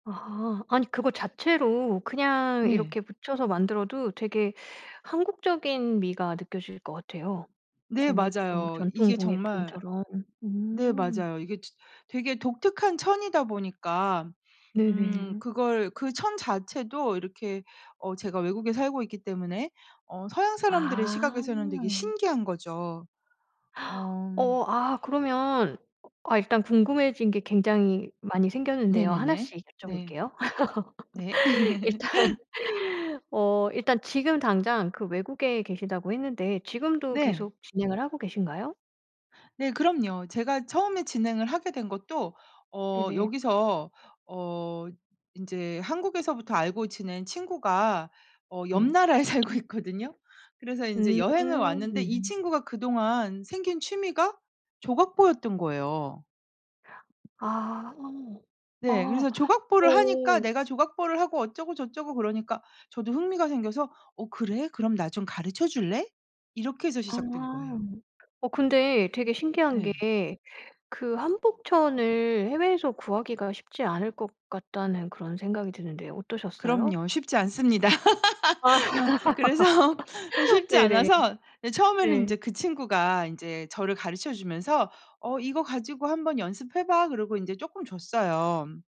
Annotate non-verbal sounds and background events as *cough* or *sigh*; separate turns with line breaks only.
아. 아니 그거 자체로 그냥
네.
이렇게 붙여서 만들어도 되게 한국적인 미가 느껴질 것 같아요.
네
공예품,
맞아요.
전통
이게 정말
공예품처럼.
네
음.
맞아요. 이게 저 되게 독특한 천이다 보니까 음
네네.
그걸 그 천 자체도 이렇게 어 제가 외국에 살고 있기 때문에 어 서양 사람들의
아.
시각에서는 되게 신기한 거죠.
*gasps*
어.
어 아 그러면 아 일단 궁금해진 게 굉장히 많이 생겼는데요.
네네네.
하나씩
네.
여쭤볼게요.
네.
*laughs* 일단
*laughs*
어 일단 지금 당장 그 외국에 계시다고 했는데 지금도
네.
계속 진행을 하고 계신가요?
네 그럼요. 제가 처음에 진행을 하게 된 것도 어
네네.
여기서 어 인제 한국에서부터 알고 지낸 친구가 어 옆
네.
나라에 살고 있거든요. 그래서 인제 여행을 왔는데 이
음.
친구가 그동안 생긴 취미가 조각보였던 거예요.
아 어.
네.
아
그래서 조각보를 하니까
어.
"내가 조각보를 하고 어쩌고저쩌고." 그러니까 저도 흥미가 생겨서 "어 그래? 그럼 나 좀 가르쳐 줄래?" 이렇게 해서
아.
시작된 거예요.
어 근데 되게 신기한
네.
게 그 한복 천을 해외에서 구하기가 쉽지 않을 것 같다는 그런 생각이 드는데요. 어떠셨어요?
그럼요. 쉽지 않습니다.
아.
*laughs* 아 그래서
*laughs*
쉽지
네네.
않아서 네 처음에는
네.
인제 그 친구가 인제 저를 가르쳐 주면서 "어 이거 가지고 한번 연습해 봐." 그러고 인제 쪼끔 줬어요.